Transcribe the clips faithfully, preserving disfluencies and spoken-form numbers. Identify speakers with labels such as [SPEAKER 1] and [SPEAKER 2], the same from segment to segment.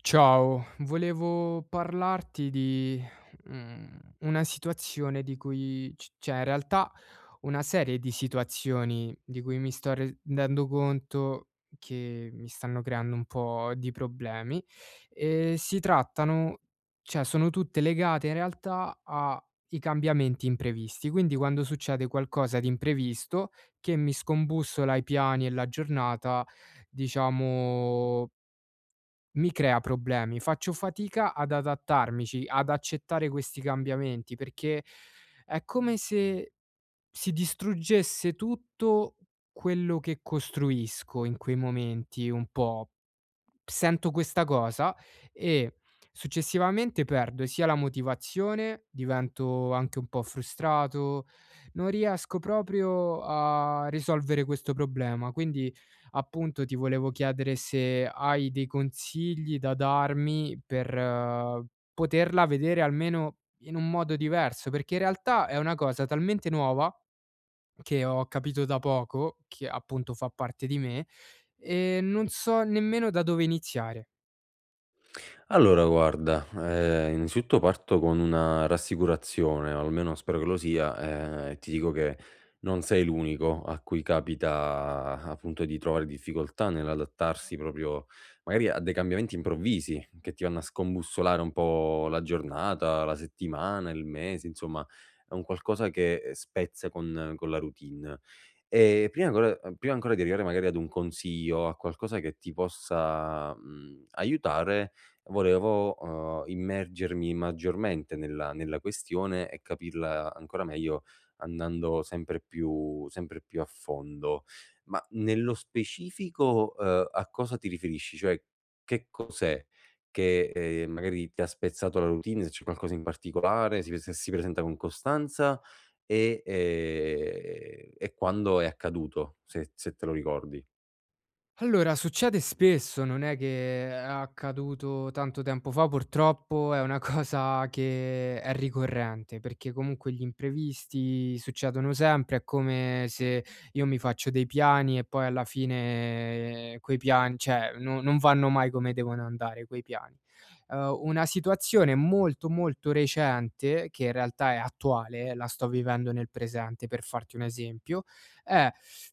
[SPEAKER 1] Ciao, volevo parlarti di, mhmm, una situazione di cui, c ceh in realtà, una serie di situazioni di cui mi sto redendo conto che mi stanno creando un po' di problemi. Ehm, si trattano cioè, sono tutte legate in realtà ai cambiamenti imprevisti. Quindi, quando succede qualcosa di imprevisto, che mi scombussola i piani e la giornata, diciamo mi crea problemi. Faccio fatica ad adattarmici, ad accettare questi cambiamenti, perché è come se si distruggesse tutto quello che costruisco in quei momenti, un po'. Sento questa cosa, e successivamente perdo, sia la motivazione, divento anche un po' frustrato, non riesco proprio a risolvere questo problema. Quindi, appunto, ti volevo chiedere se hai dei consigli da darmi, per poterla vedere almeno in un modo diverso, perché in realtà è una cosa talmente nuova, che ho capito da poco, che appunto fa parte di me, e non so nemmeno da dove iniziare.
[SPEAKER 2] Allora, guarda, ehm, inzitutto parto con rassicurazione o almeno spero che lo sia, ehm, e ti dico che non sei l'unico a cui capita, appunto, di trovare difficoltà nell'adattarsi proprio, magari a dei cambiamenti improvvisi che ti anno a scombussolare un po' la giornata, la settimana, il mese. Insomma è un qualcosa che spezza con con la routine e prima vo uhm, prima ancora di arrivare magari ad un consiglio, a qualcosa che ti possa, mhmm, aiutare, volevo, uhm, immergermi maggiormente nella nella questione e capirla ancora meglio, andando sempre più sempre più a fondo. Ma nello specifico, uhm, a cosa ti riferisci? Cioè, che cos'è che, ehm, magari ti ha spezzato la routine, se c'è qualcosa in barticolare, si prese si presenta con costanza e, ehm, e quando è accaduto? Se se te lo ricordi.
[SPEAKER 1] Allora, succede spesso, non è che è accaduto tanto tempo fa purtroppo, è una cosa che è ricorrente, perché comunque gli imprevisti succedono sempre, è come se io mi faccio dei piani e poi alla fine quei pian cioè, no non vanno mai come devono andare quei piani. Uhm, una situazione molto, molto recente, che in realtà è attuale, la sto vivendo nel presente per farti un esempio, è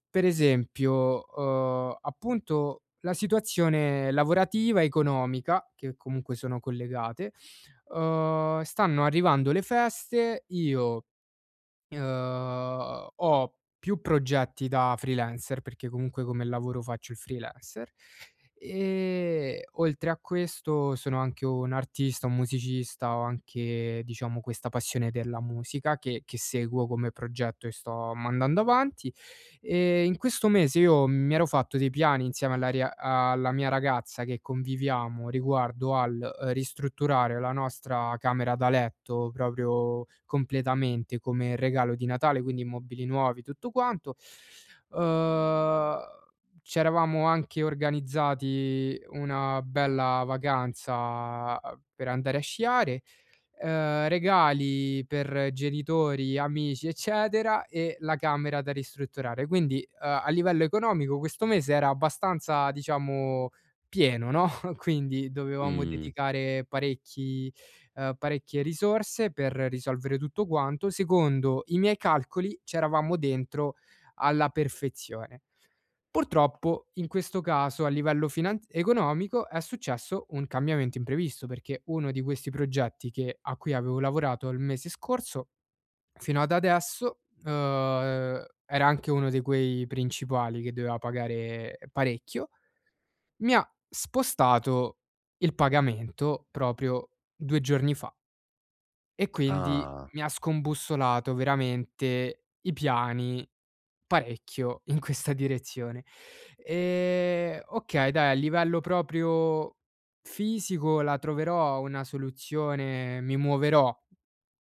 [SPEAKER 1] per esempio, uhm, appunto la situazione lavorativa, economica, che comunque sono collegate. Uhm, stanno arrivando le feste, io, uhm, ho più progetti da freelancer, perché comunque come lavoro faccio il freelancer e, oltre a questo, sono anche un artista, un musicista. Ho anche, diciamo, questa passione della musica che che seguo come progetto e sto mandando avanti e in questo mese io mi ero fatto dei piani insieme alla ria alla mia ragazza, che conviviamo, riguardo al, uhm, ristrutturare la nostra camera da letto, proprio completamente, come regalo di Natale, quindi i mobili nuovi, tutto quanto, uhm, c'eravamo anche organizzati una bella vacanza, uhm, per andare a sciare, uhm, regali per genitori, amici, eccetera e la camera da ristrutturare. Quindi, uhm, a livello economico questo mese era abbastanza, diciamo, pieno, no? Quindi dovevamo
[SPEAKER 2] Mh.
[SPEAKER 1] dedicare parecchi ehm, parecchie risorse, per risolvere tutto quanto. Secondo i miei calcoli c'eravamo dentro alla perfezione. Purtroppo in questo caso a livello finanz economico è successo un cambiamento imprevisto, perché uno di questi progetti che a cui avevo lavorato il mese scorso fino ad adesso, uhm, era anche uno di quei principali che doveva pagare parecchio, mi ha spostato il pagamento proprio due giorni fa. E quindi
[SPEAKER 2] Ah.
[SPEAKER 1] mi ha scombussolato veramente i piani, parecchio in questa direzione. E, okay, dai a livello proprio fisico, la troverò una soluzione, mi muoverò,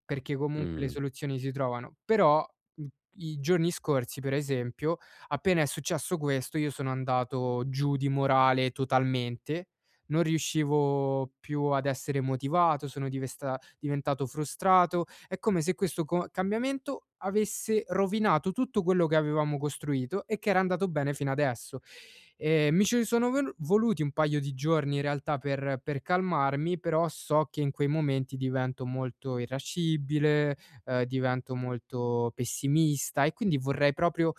[SPEAKER 1] perché comun le
[SPEAKER 2] Mh-mh.
[SPEAKER 1] soluzioni si trovano. Però, mhmm, i giorni scorsi, per esempio, appena è successo questo, io sono andato giù di morale totalmente, non riuscivo più ad essere motivato, sono divesta diventato frustrato, è come se questo co cambiamento avesse rovinato tutto quello che avevamo costruito e che era andato bene fino adesso. Ehm, mi ci sono vol voluti un paio di giorni in realtà per per calmarmi, però so che in quei momenti divento molto irascibile, uhm, divento molto pessimista e quindi vorrei proprio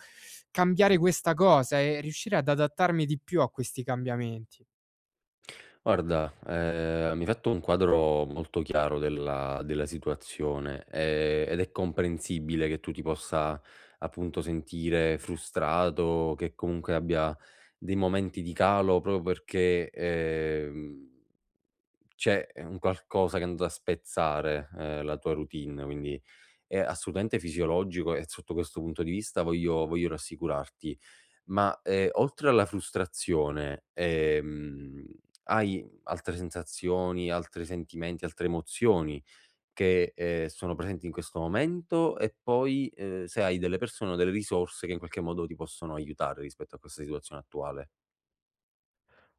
[SPEAKER 1] cambiare questa cosa e riuscire ad adattarmi di più a questi cambiamenti.
[SPEAKER 2] Guarda, ehm, mi hai fatto un quadro molto chiaro della della situazione e ed è comprensibile che tu ti possa, appunto, sentire frustrato, che comunque abbia dei momenti di calo proprio perché, ehm, c'è, ehm, un qualcosa che è andato a spezzare, uhm, la tua routine, quindi, è assolutamente fisiologico e zotto questo punto di vista voglio voglio rassicurarti. Ma, ehm, oltre alla frustrazione, ehm, hai altre sensazioni, altri sentimenti, altre emozioni che, ehm, sono presenti in questo momento, e poi, uhm, se hai delle persone o delle risorse che in qualche modo ti possono aiutare rispetto a questa situazione attuale?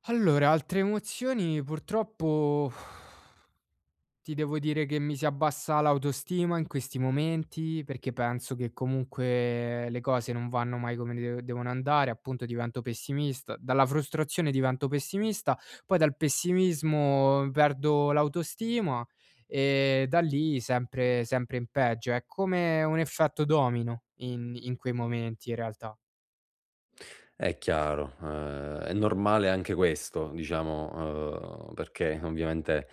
[SPEAKER 1] Allora, altre emozioni purtroppo, ti devo dire che mi si abbassa l'autostima in questi momenti, perché penso che comunque le cose non vanno mai come de devono andare, appunto divento pessimista dalla frustrazione divento pessimista, poi dal pessimismo perdo l'autostima e da lì sempre sempre in peggio. È come un effetto domino in in quei momenti in realtà.
[SPEAKER 2] È chiaro, ehm, è normale anche questo, diciamo, ehm, perché ovviamente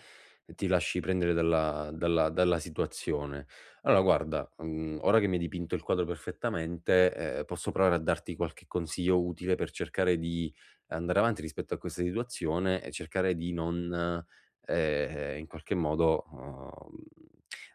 [SPEAKER 2] ti lasci prendere dalla dalla dalla situazione. Allora, guarda, mhmm, ora che mi hai dipinto il quadro perfettamente, ehm, posso provare a darti qualche consiglio utile, per cercare di andare avanti rispetto a questa situazione e cercare di non, ehm, in qualche modo, uhm,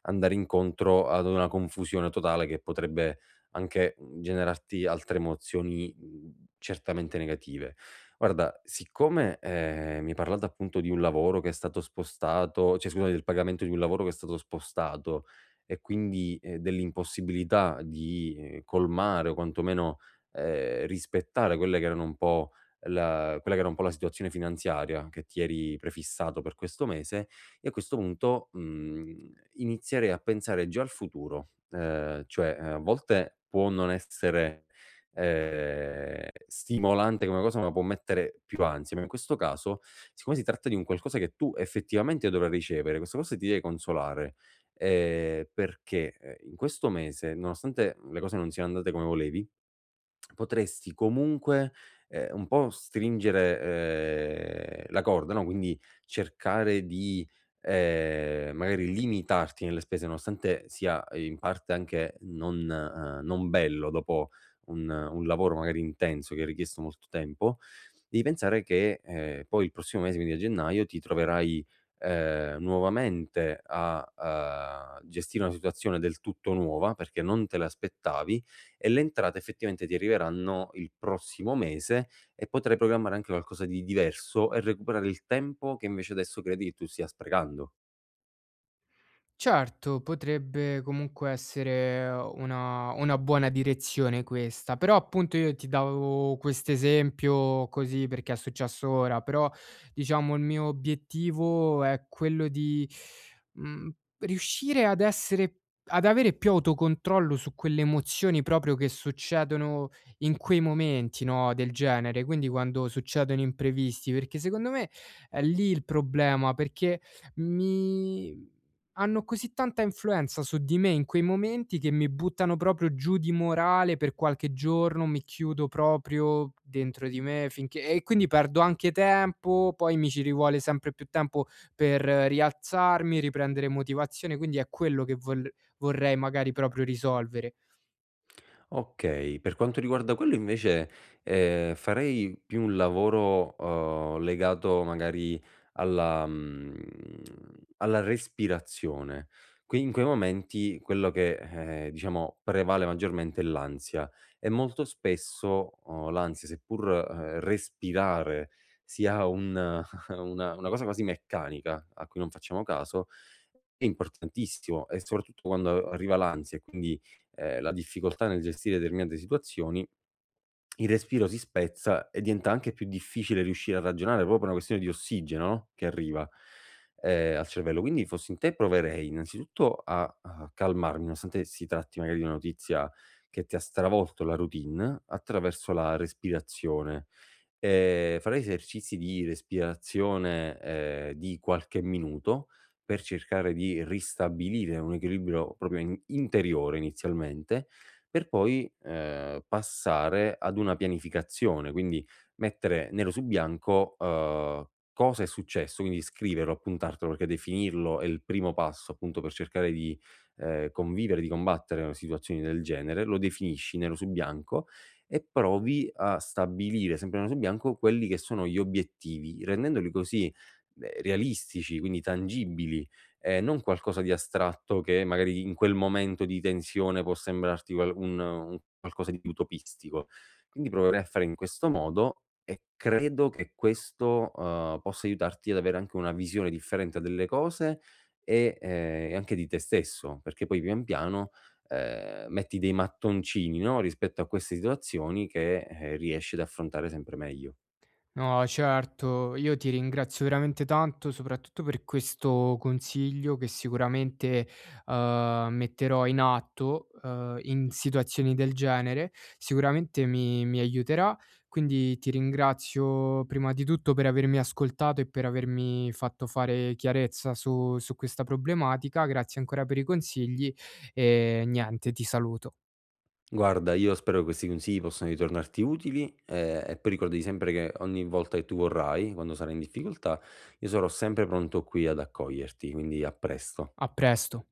[SPEAKER 2] andare incontro ad una confusione totale, che potrebbe anche, mhmm, generarti altre emozioni, uhm, certamente negative. Guarda, siccome, ehm, mi hai parlato appunto di un lavoro che è stato spostato, cioè, scusa, del pagamento di un lavoro che è stato spostato e quindi dell'impossibilità di colmare, o quantomeno, ehm, rispettare quelle che erano un po' la quella che era un po' la situazione finanziaria che ti eri prefissato per questo mese, io a questo punto, mhmm, inizierei a pensare già al futuro, ehm, cioè, ehm, a volte può non essere, ehm, stimolante una cosa, ma può mettere più ansia, ma in questo caso, siccome si tratta di un qualcosa che tu effettivamente dovevi ricevere, questa cosa ti devi consolare, ehm, perché in questo mese, nonostante le cose non siano andate come volevi, potresti comunque, ehm, un po' stringere, ehm, la corda, no, quindi cercare di, ehm, magari limitarti nelle spese, nonostante sia in parte anche non, uhm, non bello dopo un un lavoro magari intenso che ha richiesto molto tempo, devi pensare che, ehm, poi il prossimo mese, quindi a gennaio, ti troverai, ehm, nuovamente a, ehm, gestire una situazione del tutto nuova, perché non te l'aspettavi, e le entrate effettivamente ti arriveranno il prossimo mese, e potrai programmare anche qualcosa di diverso e recuperare il tempo che invece adesso credi che tu stia sprecando.
[SPEAKER 1] Certo, potrebbe comunque essere una una buona direzione questa, però appunto io ti davo quest'esempio, così perché è successo ora, però diciamo il mio obiettivo è quello di, mhmm, riuscire ad essere ad avere più autocontrollo su quelle emozioni proprio che succedono in quei momenti, no, del genere, quindi quando succedono imprevisti, perché secondo me è lì il problema, perché mi hanno così tanta influenza su di me in quei momenti, che mi buttano proprio giù di morale per qualche giorno, mi chiudo proprio dentro di me, finché e quindi perdo anche tempo, poi mi ci rivuole sempre più tempo per rialzarmi, riprendere motivazione, quindi è quello che vol vorrei magari proprio risolvere.
[SPEAKER 2] Okay, per quanto riguarda quello invece, ehm, farei più un lavoro, uhm, legato magari alla, mhmm, alla respirazione. Qui in quei momenti, quello che, ehm, diciamo prevale maggiormente è l'ansia, e molto spesso, uhm, l'ansia seppur, mhmm, respirare sia un una una cosa quasi meccanica, a cui non facciamo caso, è importantissimo, e soprattutto quando arriva l'ansia e quindi, ehm, la difficoltà nel gestire determinate situazioni, il respiro si spezza, e diventa anche più difficile riuscire a ragionare proprio per una questione di ossigeno no, che arriva, ehm, al cervello. Quindi fossi in te proverei innanzitutto a a calmarmi, nonostante si tratti magari di una notizia che ti ha stravolto la routine, attraverso la respirazione, e farei esercizi di respirazione, ehm, di qualche minuto, per cercare di ristabilire un equilibrio proprio in interiore inizialmente, per poi, ehm, passare ad una pianificazione, quindi mettere nero su bianco, uhm, cosa è successo, quindi scriverlo, appuntartelo perché definirlo è il primo passo appunto per cercare di, ehm, convivere, di combattere con situazioni del genere; lo definisci nero su bianco, e provi a stabilire, sempre nero su bianco, quelli che sono gli obiettivi, rendendoli così, beh, realistici, quindi tangibili, e non qualcosa di astratto, che magari in quel momento di tensione può sembrarti qual un un qualcosa di utopistico. Quindi proverei a fare in questo modo, e credo che questo, uhm, possa aiutarti ad avere anche una visione differente delle cose e, ehm, e anche di te stesso, perché poi pian piano, ehm, metti dei mattoncini, no, rispetto a queste situazioni che, ehm, riesci ad affrontare sempre mejo.
[SPEAKER 1] No certo, io ti ringrazio veramente tanto, soprattutto per questo consiglio che sicuramente, uhm, metterò in atto, uhm, in situazioni del genere. Sicuramente mi mi aiuterà, quindi ti ringrazio, prima di tutto per avermi ascoltato e per avermi fatto fare chiarezza su su questa problematica. Grazie ancora per i consigli e niente, ti saluto.
[SPEAKER 2] Guarda, io spero che questi consigli possano ritornarti utili, e e poi ricordati sempre che ogni volta che tu vorrai, quando sarai in difficoltà, io sarò sempre pronto qui ad accoglierti, quindi a presto.
[SPEAKER 1] A presto.